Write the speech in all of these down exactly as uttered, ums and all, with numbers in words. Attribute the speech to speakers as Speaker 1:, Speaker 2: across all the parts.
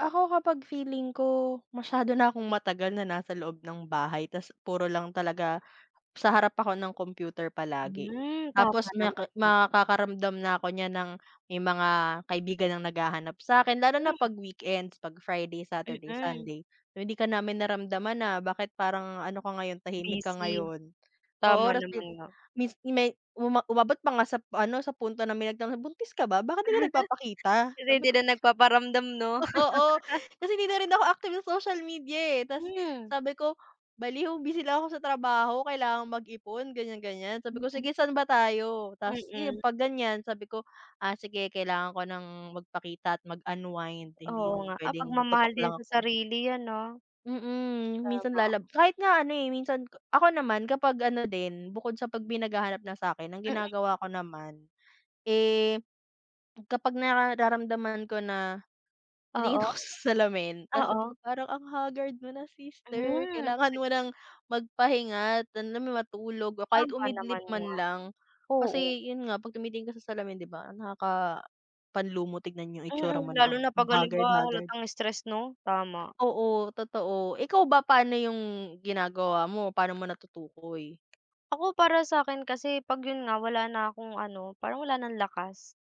Speaker 1: Ako kapag feeling ko masyado na akong matagal na nasa loob ng bahay tas puro lang talaga sa harap ako ng computer palagi,
Speaker 2: Hmm, tama
Speaker 1: tapos
Speaker 2: naman
Speaker 1: maki
Speaker 2: pal
Speaker 1: makakaramdam na ako niyan ng may mga kaibigan ng naghahanap sakin lalo na
Speaker 2: Hmm.
Speaker 1: 'pag weekends, 'pag Friday, Saturday,
Speaker 2: Mm.
Speaker 1: Sunday uy hindi ka namin naramdaman ah bakit parang ano ka ngayon tahimik ka
Speaker 2: Busy,
Speaker 1: ngayon. Oo
Speaker 2: tama
Speaker 1: rest day
Speaker 2: naman nga.
Speaker 1: mins may uma umabot pa nga sa p sa ano sa punto na may nagtanong sabi niya, buntis ka ba bakit 'di ka nagpapakita?
Speaker 2: Hindi,
Speaker 1: Sabi
Speaker 2: hindi
Speaker 1: ko
Speaker 2: na nagpaparamdam no?
Speaker 1: oo kasi hindi na rin ako active sa social media eh tas
Speaker 2: Hmm.
Speaker 1: sabi ko baliw busy lang ako sa trabaho kailangan mag-ipon ganyan-ganyan sabi ko,
Speaker 2: Mm.
Speaker 1: sige saan ba tayo? Tapos yun
Speaker 2: Mm.
Speaker 1: 'pag ganyan sabi ko ah sige kailangan ko ng magpakita at mag-unwind hindi
Speaker 2: Oo
Speaker 1: yung
Speaker 2: nga at
Speaker 1: pwedeng
Speaker 2: pagmamahal
Speaker 1: tutok
Speaker 2: din
Speaker 1: lang
Speaker 2: sa
Speaker 1: ako.
Speaker 2: sarili yan no,
Speaker 1: Mm minsan
Speaker 2: tama.
Speaker 1: lalab kahit nga ano eh minsan ako naman kapag ano din bukod sa pag may naghahanap na sakin ang
Speaker 2: Mm.
Speaker 1: ginagawa ko naman, eh kapag nararamdaman ko na, titingin
Speaker 2: Oo,
Speaker 1: ako sa salamin tapos sabi
Speaker 2: oo.
Speaker 1: ko parang ang haggard mo na sister
Speaker 2: Hmm.
Speaker 1: kailangan mo ng magpahinga at alam mo yun matulog o kahit
Speaker 2: Tama
Speaker 1: umidlip
Speaker 2: naman nga,
Speaker 1: man lang.
Speaker 2: oo.
Speaker 1: Kasi yun nga pag tumitingin ka sa salamin di ba nakakapanlumo tignan yung itsura mo
Speaker 2: Mm,
Speaker 1: na ang
Speaker 2: lalo na pag halimbawa
Speaker 1: haggard-haggard.
Speaker 2: halatang stress no, tama.
Speaker 1: Oo totoo, ikaw ba paano yung ginagawa mo, paano mo natutukoy?
Speaker 2: Ako para sakin kasi pag yun nga wala na akong ano parang wala ng lakas.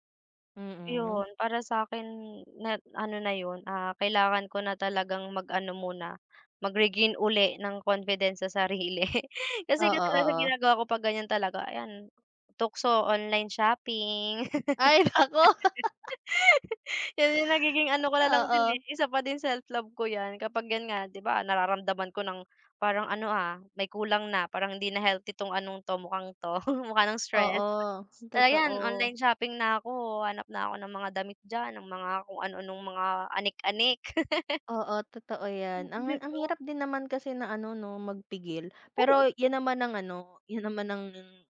Speaker 1: Mm.
Speaker 2: Yun para sakin net ano na yun, ah, kailangan ko na talagang mag ano muna, mag-regain uli ng confidence sa sarili kasi
Speaker 1: Oo,
Speaker 2: kadalasang
Speaker 1: oo.
Speaker 2: ginagawa ko pag ganyan talaga ayan, tukso online shopping.
Speaker 1: Ay naku.
Speaker 2: Yan yung nagiging ano ko nalang din eh
Speaker 1: Oo.
Speaker 2: isa pa din self-love ko yan kapag yan nga di ba nararamdaman ko ng parang ano ah may kulang na parang hindi na healthy tong anong to mukhang to mukha ng stress.
Speaker 1: Oo,
Speaker 2: Kaya yan
Speaker 1: totoo.
Speaker 2: online shopping na ako, hahanap na ako ng mga damit diyan ng mga kung ano-anong mga anik-anik.
Speaker 1: Oo totoo
Speaker 2: Mm,
Speaker 1: yan, ang
Speaker 2: di
Speaker 1: ang
Speaker 2: ba?
Speaker 1: hirap din naman kasi na ano no magpigil.
Speaker 2: Oo.
Speaker 1: Pero yun naman ang ano yun naman ang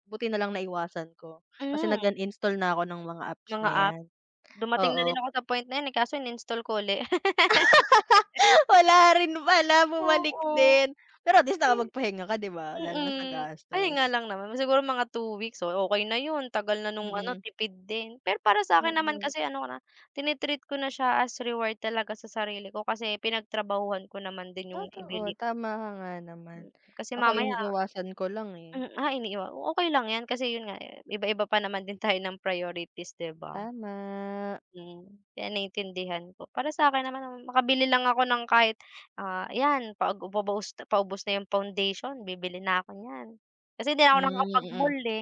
Speaker 1: buti na lang naiwasan ko kasi
Speaker 2: Hmm.
Speaker 1: nag-uninstall na ako ng mga apps
Speaker 2: Mga
Speaker 1: na
Speaker 2: app
Speaker 1: yan
Speaker 2: dumating na rin
Speaker 1: oo.
Speaker 2: ako sa point na yun eh kaso ininstall ko uli.
Speaker 1: Wala rin pala bumalik
Speaker 2: Oo,
Speaker 1: din, pero at least
Speaker 2: kasi
Speaker 1: nakapagpahinga ka di ba? Lalo na sa
Speaker 2: mm ayun nga
Speaker 1: gastos.
Speaker 2: lang naman siguro mga two weeks oh okey na yun tagal na nung ano
Speaker 1: Mm.
Speaker 2: tipid din. Pero para sakin naman
Speaker 1: Mm.
Speaker 2: kasi ano ko na tini-treat ko na siya as reward talaga sa sarili ko kasi pinagtrabahuhan ko naman din yung
Speaker 1: Totoo
Speaker 2: ibili.
Speaker 1: tama ka nga naman.
Speaker 2: Mm, kasi
Speaker 1: Ako
Speaker 2: mamaya
Speaker 1: iniiwasan ko lang eh.
Speaker 2: mm, ah, iniiwa ah okey lang yan kasi yun nga iba-iba pa naman din tayo ng priorities di ba?
Speaker 1: Tama.
Speaker 2: Mm kaya naintindihan ko para sakin naman ah makabili lang ako ng kahit, ah, ayan pag pagubos ah paubos na yung foundation bibili na ako niyan kasi hindi na ako
Speaker 1: Mm, mm.
Speaker 2: nakakapag-mall eh.